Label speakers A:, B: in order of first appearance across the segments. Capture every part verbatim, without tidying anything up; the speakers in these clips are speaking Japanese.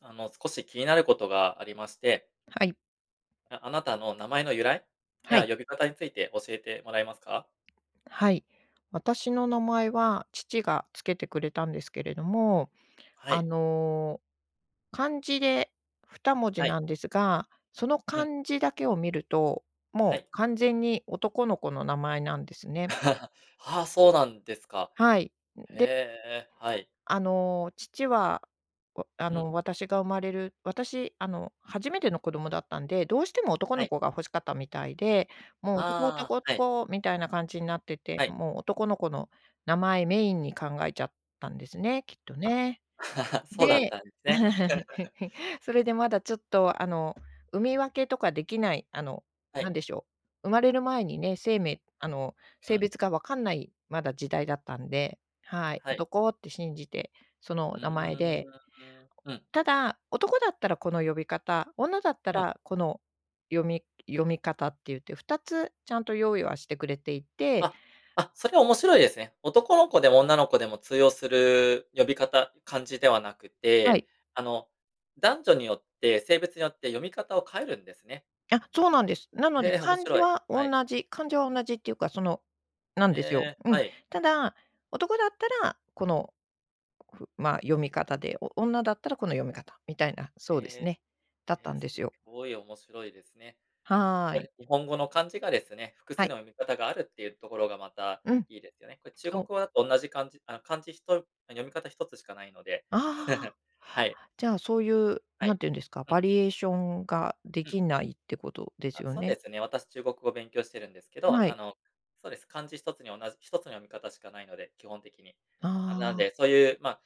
A: あの、少し気になることがありまして。
B: はい。
A: じゃ、あなたの名前の由来？
B: は
A: や
B: い。
A: 呼び方について教えてもらえますか？
B: はい。私の名前は父が付けてくれたんですけれども、
A: は
B: あ
A: い。
B: の、漢字で二文字
A: はい。
B: なんですが、その
A: うん。
B: 漢字だけを見ると、
A: は
B: もう
A: い。
B: 完全に男の子の名前なんですね。
A: はあ、そうなんですか。
B: はい、ん、
A: へ
B: で
A: え、はい。
B: あの、父は、わあ
A: うん。
B: の、私が生まれる私、あの、初めての子供だったんで、どうしても男
A: は
B: の
A: い。
B: 子が欲しかったみたいで、もう男、
A: あ
B: 男、
A: あ、はい。
B: 男みたいな感じになってて、
A: はい。
B: もう男の子の名前メインに考えちゃったんですね、きっと
A: あ、
B: ね。
A: そうだっ
B: で
A: たんですね。
B: それでまだちょっと、あの、産み分けとかできないあの、
A: は
B: な
A: い。
B: んでしょう、生まれる前にね、生命あの、
A: うん。う
B: 性
A: ん。
B: 別がわかんないまだ時代だったんで、はい、
A: はい。
B: 男って信じて、そ
A: う
B: の
A: ー
B: 名前で
A: ん、うん。
B: ただ、男だったらこの呼び方、女だった
A: うん。
B: らこの読み読み方って言って、ふたつちゃんと用意はしてくれていて
A: あ。あ、それは面白いですね。男の子でも女の子でも通用する呼び方、漢字ではなく
B: は
A: て、
B: い。
A: あの、男女によって性別によって読み方を変えるんですね。
B: あ、そうなんです。なので、
A: へえ、面
B: 漢字
A: 白い。
B: は
A: は
B: 同
A: い。
B: じ漢字は同じっていうか、そのなん
A: へ
B: ですよ。
A: え、
B: う
A: は
B: ん。
A: い。
B: ただ、男だったら、この、ふま、読み方で、お女だったらこの読み方、みたいな、そうです
A: ええ、
B: ね、だった
A: え、
B: んで
A: す
B: す
A: っ
B: よ。
A: ごい面白いですね。
B: は
A: こ
B: い。
A: れ、日本語の漢字がですね、複
B: は
A: 数
B: い。
A: の読み方があるっていうところがまた、
B: うん。
A: いいですよね。これ、中
B: そ
A: 国
B: う。
A: 語だと同じ漢字あ、漢字ひと読み方ひとつしかないので、
B: あ
A: はい。
B: あ、じゃあ、そういう、
A: は
B: 何
A: い。
B: て言うんですか、
A: うん。
B: バリエーションがで
A: うん。
B: きないってことです
A: あ、
B: よ
A: そうで
B: ね。
A: すね、私、中国語勉強してるんですけど、
B: は
A: あ
B: い。
A: の、そうです、漢字ひとつに同じひとつの読み方しかないので、基本的に。あ、
B: あ
A: なん
B: あ。
A: で、そういう、ま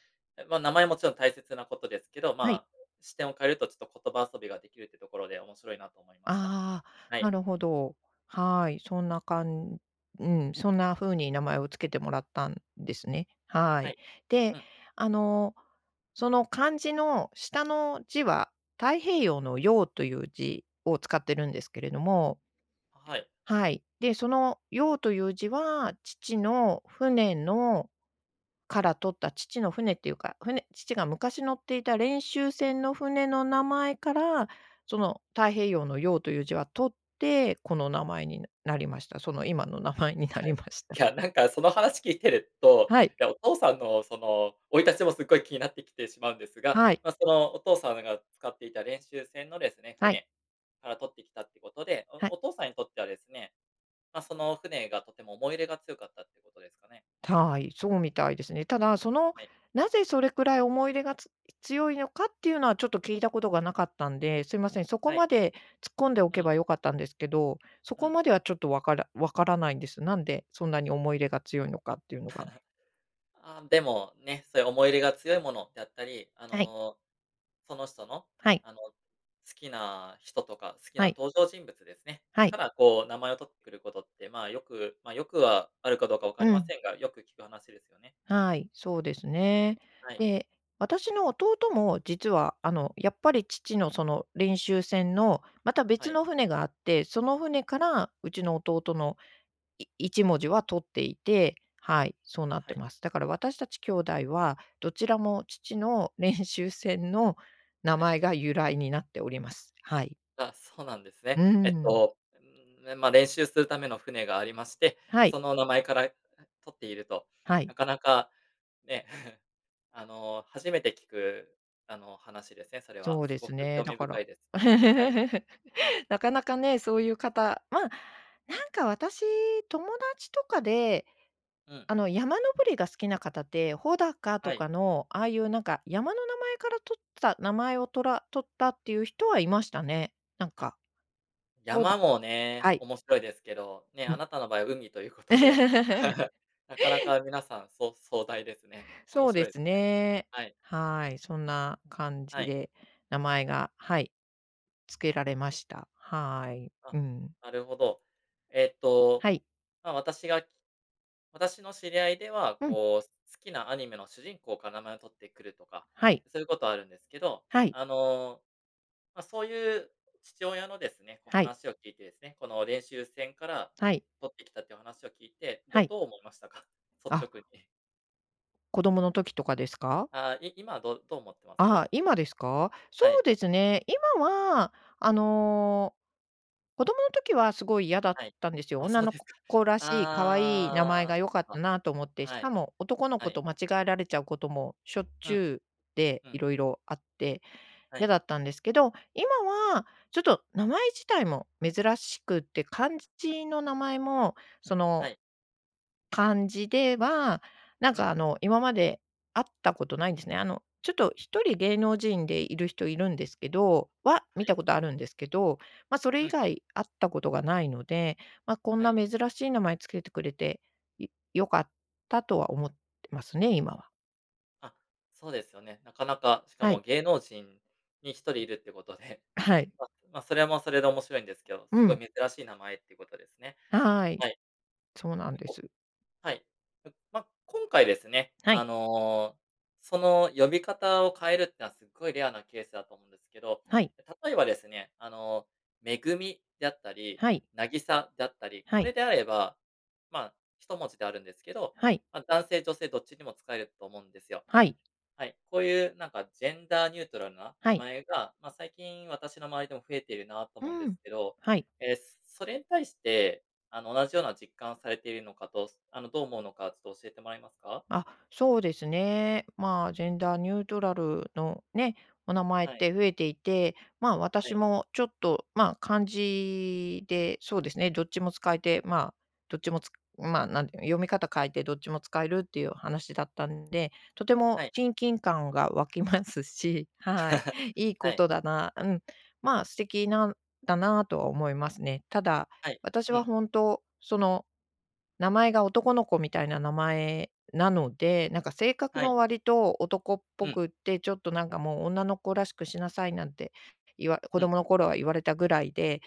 A: ま、名前もちろん大切なことですけど、
B: はい。
A: ま、視点を変えるとちょっと言葉遊びができるってところで面白いなと思いました。
B: あ
A: は
B: あ、
A: い。
B: なるほど。はい、そんなかんうん、そんな風に名前を付けてもらったんですね。は
A: は
B: い。
A: い。
B: で、
A: うん。
B: あの、その漢字の下の字は、太平洋の洋という字を使ってるんですけれども
A: あ、はい。
B: はい。で、その洋という字は父の船のから取った父の船っていうか、船父が昔乗っていた練習船の船の名前から、その太平洋の洋という字は取って、この名前になりました。その今の名前にな
A: は
B: り
A: い。
B: ました。
A: きゃ、なんかその話聞いてると、
B: はい。
A: いや、お父さんの、その、生い立ちもすっごい気になってきてしまうんですが、
B: はい。
A: ま、その、お父さまが使っていた練習船のですね、
B: はい。
A: 船から取ってきたってことで、
B: はい。
A: おお父さんにとってはですね、ま、その船がとても思い入れが強かったってことですかね。
B: たい、そうみたいですね。ただ、その、
A: はい。
B: なぜそれくらい思い入れがつ強いのかっていうのは、ちょっと聞いたことがなかったんで、すいません、そこ
A: はい。
B: まで突っ込んでお
A: う
B: け
A: ん。
B: ば良かったんですけど、そ
A: う
B: こ
A: ん。
B: まではちょっとわからわからないんです。なんでそんなに思い入れが強いのかっていうのが。
A: あ、でも、ね、そういう思い入れが強いものであったり、あ
B: はい。
A: の、その人の？
B: はい。
A: あの、好きな人とか、好き
B: は
A: な
B: い。
A: 登場人物ですね、
B: は
A: か
B: い。
A: ら、こう、名前を取ってくることって、ま、よくま、よくはあるかどうか分かり
B: う
A: ま
B: ん。
A: せんが、よく聞く話ですよね。
B: はい、そうですね。
A: はい。
B: で、私の弟も実は、あの、やっぱり父のその練習船の、また
A: は
B: 別
A: い。
B: の船があって、その船からうちの弟のい一文字は取っていて、はい、そうなっ
A: は
B: て
A: い。
B: ます。だから私たち姉弟は、どちらも父の練習船の名
A: は
B: 前
A: い。
B: が由来になっております。はい。
A: あ、そうなんですね。
B: うー
A: えっ
B: ん。
A: と、うーん、ね、ま、練習するための船がありまして、
B: はい。
A: その名前から、あ、取っていると。
B: はい。
A: なかなかね、あの、初めて聞く、あの、話ですね、それは。
B: そうで
A: すご
B: す
A: く
B: ね。
A: 興
B: だ
A: 味
B: から
A: 深いです。はい。
B: なかなかね、そういう方、ま、なんか私、友達とかで、
A: うん。
B: あの、山登りが好きな方って、穂高
A: は
B: と
A: い。
B: かの、ああいうなんか、山の名前から取った、名前をとら取ったっていう人はいましたね。なんか。そう
A: 山
B: で
A: もね、
B: はい。
A: 面白いですけど、ね、
B: う
A: あ
B: ん。
A: なたの場合は海ということで、なかなか皆さんそう壮大ですね。面
B: そう
A: 白
B: で
A: いです
B: す
A: ね。
B: ね。
A: はい。
B: はい。そんな感じ
A: はい。
B: で名前が、はい、つけられました。はい。う
A: あ、
B: ん。
A: なるほど。えっと、
B: はい。
A: ま、私が私の知り合いでは、
B: うん。
A: こう、好きなアニメの主人公から名前を取ってくるとか、
B: はい。
A: そういうことはあるんですけど、
B: はい。
A: あの、ま、そういう父親のですね、こう
B: はい。
A: 話を聞いてですね、この練習船から
B: はい。
A: 取ってきたっていう話を聞いて、
B: は
A: ど
B: い。
A: どう思いましたか？率
B: あ。
A: 直に。
B: 子供の時とかですか？
A: あ、い今はどうどう思ってま
B: あ
A: す？
B: あ、今ですか？そ
A: はい。
B: うですね、今はあの、子供の時はすごい嫌だっ
A: はい。
B: たんですよ。
A: あ、
B: 女
A: そう
B: の
A: です
B: 子
A: か。
B: 子らしい、可愛い名前
A: ああ、
B: が良
A: そっ
B: かっ
A: か、
B: たなと思って。し
A: は
B: か
A: い、
B: も男の
A: は
B: 子
A: い。
B: と間違えられちゃうこともしょっ
A: う
B: ち
A: ん。
B: ゅうで、
A: うん。
B: 色々あって、
A: は
B: 嫌
A: い。
B: だったんですけど、今はちょっと名前自体も珍しくて、漢字字の名前もその
A: はい。
B: 漢字では、なん
A: うん。
B: かあの今まで会ったことないんですね。あのちょっとひとり芸能人でいる人いるんですけどは、
A: は
B: 見た
A: い。
B: ことあるんですけど、ま、それ
A: う
B: 以
A: ん。
B: 外会ったことがないので、ま、こん
A: は
B: な
A: い。
B: 珍しい名前付けてくれて、い、良かったとは思ってますね、今は。
A: あ、そうですよね。なかなか、しか
B: は
A: も
B: い。
A: 芸能人にひとりいるってことで、
B: あ、はい。
A: まま、それはもうそれで面白いんですけど、
B: う
A: すご
B: ん。
A: い珍しい名前ってことですね。
B: はい。
A: はい。
B: そうなん
A: 結
B: で
A: 構
B: す。
A: はい。うん、ま、今回ですね、
B: はい。
A: あの、その呼び方を変えるってのはすっごいレアなケースだと思うんですけど。
B: はい。
A: で、例えばですね、あの、「めぐみ」だったり、
B: はい。
A: 「なぎさ」だったり、
B: は
A: こ
B: い。
A: れであれば、まあひともじであるんですけど、
B: はい。
A: あ、男性女性どっちにも使えると思うんですよ。
B: はい。
A: はい、こういうなんかジェンダーニュートラルな
B: は
A: 名
B: い。
A: 前が、ま、最近私の周りでも増えてるなと
B: う
A: 思うんで
B: ん。
A: すけど、
B: はい。
A: え、す、それに対して、あの、同じような実感をされているのかと、す、あの、どう思うのかつと教えてもらえますか？
B: あ、そうですね。まあ、ジェンダーニュートラルの、ね、お名前っ
A: はい。
B: て増えていて、まあ、
A: は
B: 私
A: い。
B: もちょっと、まあ、漢字で、そうですね、どっちも使えて、まあ、どっちもつくまあ、なんていうの、読み方変えてどっちも使えるっていう話だったんで、とても
A: はい。
B: 親近感が湧き ますしはい、いい
A: は
B: こ
A: い。
B: とだなうん、まあ、素敵なんだなとは思いますね。ただ、
A: はい、
B: 私
A: う
B: は
A: ん。
B: 本当その名前が男の子みたいな名前なので、なんか性格
A: は
B: が
A: い。
B: 割と男っ
A: う
B: ぽ
A: ん。
B: くって、ちょっとなんかもう女の子らしくしなさいなんて言わ子
A: うん。
B: 供の頃は言われたぐらいで、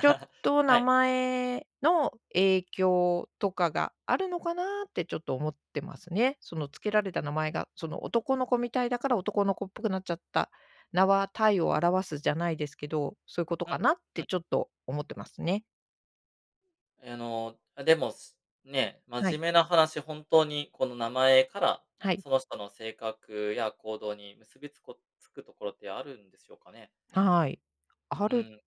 B: ちょっ と
A: は
B: 名
A: い。
B: 前の影響とかがあるのかなってちょっと思ってますね。その付けられた名前が、その、男の子みたいだから男の子っぽくなっちゃった。名は体を表すじゃないですけど、そういうこと
A: う
B: か
A: ん、
B: なっ
A: う
B: て
A: ん。
B: ちょっと思ってますね。
A: あの、あ、でもすね、
B: は
A: 真面
B: い。
A: 目な話、本当にこの名前から
B: はい。
A: その人の性格や行動に結びつこ、つくところってあるんでしょうかね？
B: はい。あ
A: う
B: る
A: ーん。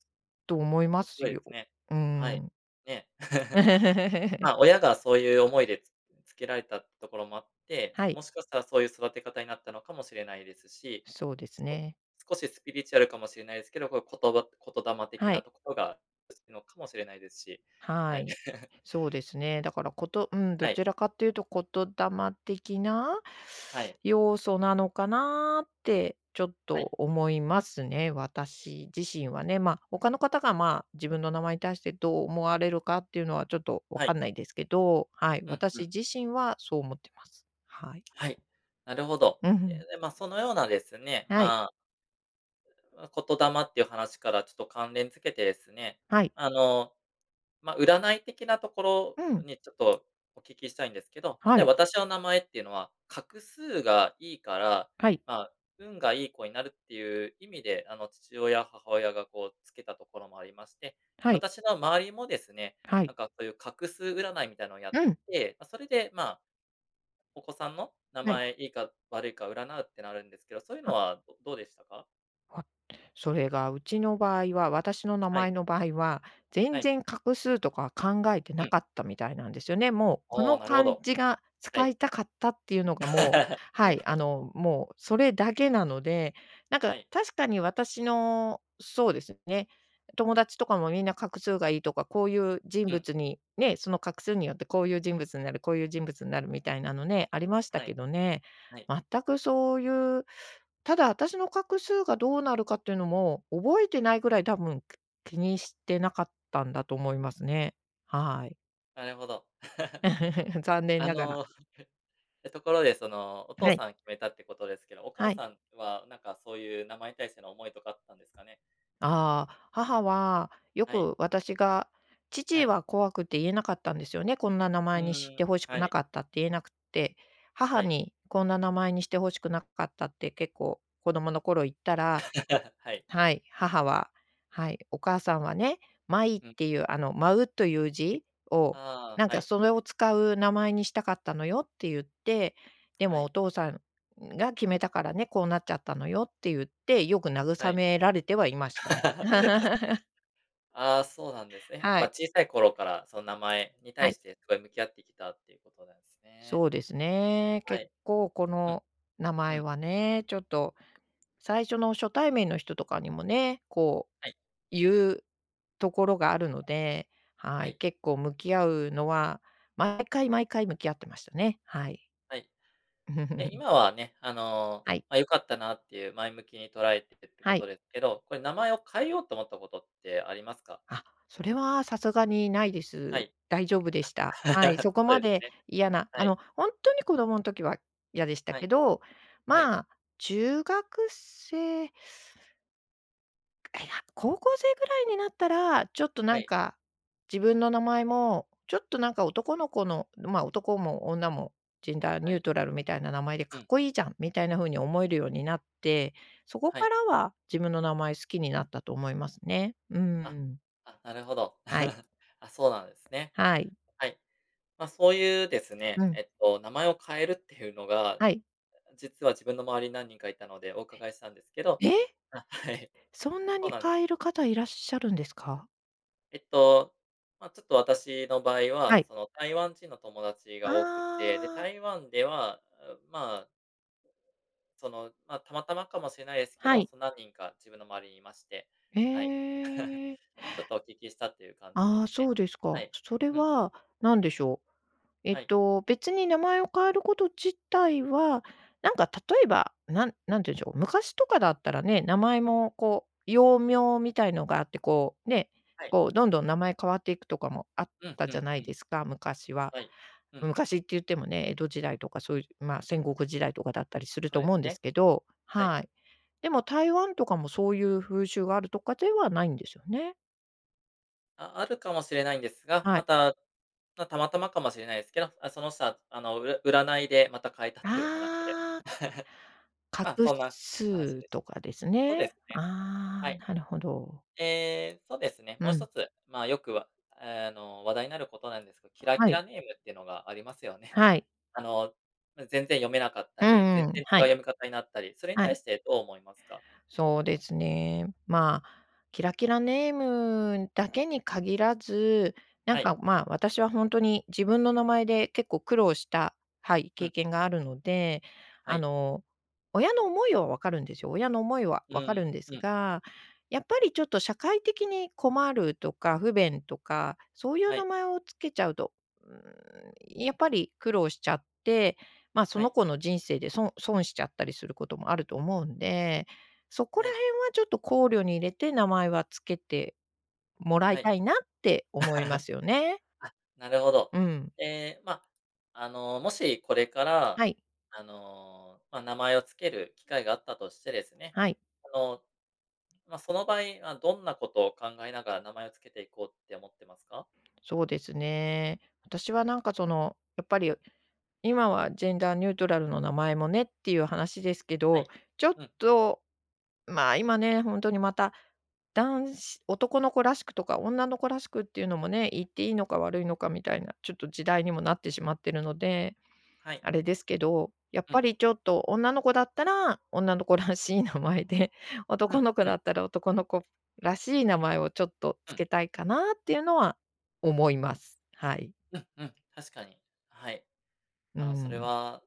B: と思いま
A: 面白
B: す
A: いで
B: よ。
A: すね。
B: うー
A: はい、
B: ん。
A: ね。まあ、親がそういう思いで、つつけられたっところもあって、
B: はい。
A: もしかしたらそういう育て方になったのかもしれないですし、
B: そうです
A: すこ、
B: ね。
A: 少しスピリチュアルかもしれないですけど、こうことば言霊的
B: は
A: な
B: い。
A: ところが結びつくのかもしれないですし、は
B: は
A: い。
B: い。そうですね。だからことうん、ど
A: はい。
B: ちらかというと言霊的な？
A: はい。
B: 要素なのかなってちょっと
A: はい。
B: 思いますね、私自身はね。ま、他の方がまあ、自分の名前に対してどう思われるかっていうのはちょっと分
A: はい。
B: かんないですけど、はい。
A: うんう
B: 私
A: ん。
B: 自身はそう思ってます。はい。
A: はい、なるほど。
B: うふ
A: ええ、
B: ん。
A: で、まあそのようなですね、
B: はい。
A: まああ、言霊っていう話からちょっと関連付けてですね、
B: はい。
A: あの、ま、占い的なとこ
B: う
A: ろ
B: ん。
A: にちょっとお聞きしたいんですけど、
B: は
A: 例え
B: い。
A: ば私の名前っていうのは画数がいいから、
B: はい。
A: まあ、運がいい子になるっていう意味で、あの、父親母親がこう付けたところもありまして、
B: はい。
A: 私の周りもですね
B: は
A: な
B: い。
A: んかこういう画数占いみたいのをやっ
B: うん。
A: て、ま、それでまあ、お子さんの名
B: はい。
A: 前いいか悪いか占うってのあるんですけど、そういうの
B: は
A: は、どどうでしたか？
B: は、それがうちの場合は、私の名
A: はい。
B: 前の場合は、
A: は
B: 全
A: い。
B: 然画数とか考えて
A: う
B: な
A: ん。
B: かったみたいなんですよね。もうこ
A: おお、
B: の
A: なるほ
B: 漢
A: ど。
B: 字が
A: は
B: 使
A: い。
B: いたかったっていうの がもう
A: は
B: はい、あ
A: い。
B: の、もうそれだけなので。なん
A: は
B: か
A: い。
B: 確かに私の、そうですね、友達とかもみんな画数がいいとか、こういう人
A: うん。
B: 物にね、その画数によってこういう人物になる、こういう人物になるみたいなのね、ありました
A: は
B: け
A: い。
B: どね、
A: はい。
B: 全くそういうただあたしの画数がどうなるかっていうのも、覚えて
A: うん。
B: ないぐらい、多分き気にしてなかったんだと思いますね。はい。
A: なるほど。
B: 残念
A: あ
B: ながら。
A: の、ところでその、お父
B: はい。
A: さん決めたってことですけど、お母
B: はい。
A: さんはなんかそういう、名前に対しての思いとかあったんですかね？
B: ああ、母はよ
A: はい。
B: く私が
A: は
B: 父
A: い。
B: は怖くて言えなかったんですよね、こんな名
A: う
B: 前にし
A: ー
B: て
A: ん。
B: 欲し
A: は
B: くな
A: い。
B: かったって言えなくって、
A: は
B: 母
A: い。
B: に、「こんな名前にして欲しくなかった」って、結構子供の頃言ったら
A: はい。
B: はい、母は、はい、「お母さんはね、まいっ
A: うん。
B: ていう、あの、舞うという字を
A: あ
B: なん
A: あ、は
B: か
A: い。
B: それを使う名前にしたかったのよ」ってゆって、「で
A: は
B: もお
A: い。
B: 父さんが決めたからね、こうなっちゃったのよ」ってゆって、よく
A: は
B: 慰
A: い。
B: められてはいました。
A: ああ、そうなんですね、やっ
B: は
A: ぱ
B: い。
A: 小さい頃からその、名前に
B: は
A: 対
B: い。
A: してすごい向き合ってきたっていうことなんですね。
B: そうですね。
A: は
B: 結
A: い。
B: 構こ
A: うん。
B: の名
A: う
B: 前
A: ん。
B: はね、ちょっと最初の初対面の人とかにもね、こう、
A: はい。
B: ゆうところがあるので、
A: は
B: はい、
A: い。
B: 結構向き合うのは、毎回毎回向き合ってましたね。はい。
A: はい。え、今はね、あの、
B: はい。
A: ま、良かったなっていう前向きに捉えてるって
B: は
A: こ
B: い。
A: とですけど、これ、名前を変えようと思ったことってありますか？
B: あ、それは流石にないで
A: は
B: す。
A: い。
B: 大丈夫でした。はい、そ こ
A: そう
B: ま
A: です
B: で
A: ね。
B: 嫌な、
A: は
B: あ
A: い。
B: の、ほんとに子供ん時は嫌でした
A: は
B: け
A: い。
B: ど、
A: はい。
B: まあ、中学生え、や、高校生ぐらいになったら、ちょっと、な
A: は
B: ん
A: い。
B: か、自分の名前も、ちょっと、なんか、男の子のま、男も女も、ジェンダー
A: は
B: ニュー
A: い。
B: トラルみたいな名前でか
A: う
B: っ
A: ん。
B: こいいじゃん、みたいな風に思えるようになって、そこ
A: は
B: か
A: い。
B: らは自分の名前好きになったと思いますね。うー
A: あ。
B: ん。
A: あ、なるほど。
B: はい。
A: あ、そうなんですね。
B: はい。
A: はい。ま、そういうです
B: う
A: ね、
B: ん。
A: えっと、名前を変えるっていうのが、
B: はい。
A: 実は自分の周りに何人かいたのでお
B: え。
A: 伺いしたんですけど。
B: ええ！
A: あ、はい。
B: そんな
A: そう
B: に
A: なんです。
B: 変える方いらっしゃるんですか？
A: えっと、まあ、ちょっと私の場合
B: は
A: は、
B: い。
A: その、台湾人の友達
B: あ
A: が多くって、で、
B: あ。
A: 台湾では、あ、まあその、まあ、たまたまかもしれないですけ
B: は
A: ど、
B: い。
A: そ、何人か自分の周りにいまして、
B: へ
A: はい。
B: え。
A: ちょっとお聞きしたっていう感じで
B: ああ、
A: す
B: そ
A: ね。
B: うです
A: は
B: か。
A: い。
B: それ
A: うん。
B: は、何でしょう。えっ
A: はい。
B: と、別に名前を変えること自体は、なんか、例えば、なん何て言うんでしょう、昔とかだったらね、名前も、こう、幼名みたいのがあって、こうね、
A: はい。
B: こう、どんどん名前変わっていくとかもあっ
A: うん
B: た
A: う
B: じゃ
A: ん
B: な
A: う
B: い
A: ん。
B: ですか、昔は。
A: はい。うん。
B: 昔って言ってもね、江戸時代とかそういう、まあ戦国時代とかだったりすると
A: そうで
B: 思うん
A: す
B: で
A: ね。
B: すけど。
A: はい。
B: はい。でも台湾とかもそういう風習があるとかではないんですよね。
A: ああるかもしれないんですが、
B: は
A: ま
B: い。
A: た、ま、たまたまかもしれないですけど、あ、その人は、あの、うら占いでまた変えたという話で。
B: ああ。画
A: まあ、そんな話
B: 数
A: です。
B: とかです
A: そう
B: ね。
A: ですね、
B: あ
A: は
B: あ、
A: い。
B: なるほど。
A: ええ、そうですね、
B: う
A: もうひと
B: ん。
A: つ、まあよくは、ええ、あの、話題になることなんですけど、キラ
B: は
A: キ
B: い。
A: ラネームってのがありますよね。
B: はい。
A: あの、ん、全然読めなかった
B: う
A: り、
B: ん
A: 全
B: うん、
A: 然違う
B: はい。
A: 読み方になったり、それに
B: は
A: 対
B: い。
A: してどう思いますか？
B: そうですね。まあ、キラキラネームだけに限らず、な
A: は
B: ん
A: い。
B: か、まあ、私はほんとに自分の名前で結構苦労した、はい、
A: う
B: 経
A: ん。
B: 験があるので、
A: は
B: あ
A: い。
B: の、親の思いはわかるんですよ、親の思いは
A: う
B: わか
A: ー
B: るん
A: ん、
B: で
A: う
B: す
A: ん。
B: が、やっぱりちょっと社会的に困るとか不便とかそういう
A: はい。
B: 名前を付けちゃうと、うーん、やっぱり苦労しちゃって、ま、そ
A: は
B: の
A: い。
B: 子の人生でそん損しちゃったりすることもあると思うんで、そこ
A: は
B: ら
A: い。
B: 辺はちょっと考慮に入れて、名前は付けてもらい
A: はい。
B: たいなって思いま すよね。
A: あ、なるほど。
B: うん。
A: ええ、ま、あの、もしこれから、
B: はい。
A: あの、ま、名前を付ける機会があったとしてですね、
B: はい。
A: あの、ま、その場合、あ、どんなことを考えながら名前を付けていこうって思ってますか？
B: そうですね。私はなんかその、やっぱり、今はジェンダーニュートラルの名前もねっていう話ですけ
A: は
B: ど、
A: い。
B: ちょっ
A: うん。
B: と、ん、ま、今ね、ほんとにまた男子男の子らしくとか女の子らしくっていうのもね、言っていいのか悪いのかみたいな、ちょっと時代にもなってしまってるので
A: はい。
B: あれですけど、やっ
A: う
B: ぱ
A: ん。
B: りちょっと、女の子だったら女の子らしい名前で、
A: う
B: 男
A: ん、
B: の子
A: う
B: だ
A: ん。
B: ったら男の子らしい名前をちょっと
A: うん。
B: 付けたいかなっていうのは思います。はい。
A: うん、うん、確かに。はい。
B: うー
A: あの、それ
B: ん。
A: は、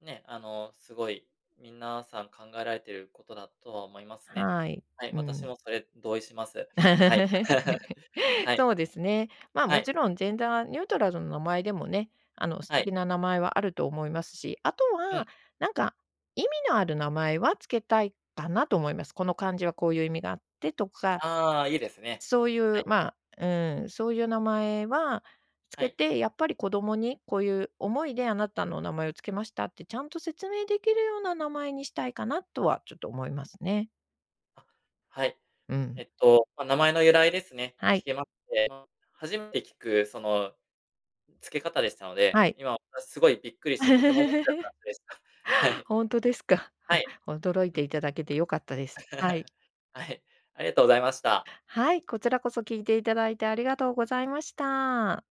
A: ね、あの、すごい、みんな、さん考えられてることだとは思いますね。
B: はい。
A: はい、
B: う
A: 私
B: ん。
A: もそれ同意します。はい。はい。
B: そうですね。ま、
A: は
B: も
A: い。
B: ちろんジェンダーニュートラルの名前でもね、あの素
A: はい。
B: 敵な名前はあると思いますし、あと
A: うん。
B: は、なんか意味のある名前は付けたいかなと思います。この漢字はこういう意味があってとか、
A: ああ、いいですね。
B: そうい
A: は
B: う、
A: い。
B: まあ、うーん、そういう名前はつ
A: は
B: け
A: い。
B: て、やっぱり子供に、「こういう思いであなたの名前を付けました」って、ちゃんと説明できるような名前にしたいかなとはちょっと思いますね。
A: あ、はい。
B: う
A: え
B: ん。
A: っと、ま、名前の由来ですね、
B: は
A: 聞
B: い。
A: けまして、初めて聞くその、付け方でしたの
B: は
A: で、
B: い。
A: 今私すごいびっくりしてとても思ってる [unintelligible] でした。は い。
B: ほんとですか。
A: はい、
B: 驚い
A: う
B: て
A: ん。
B: いただけて良かったです、はい。
A: はい、ありがとうございました。
B: はい、こちらこそ聞いていただいてありがとうございました。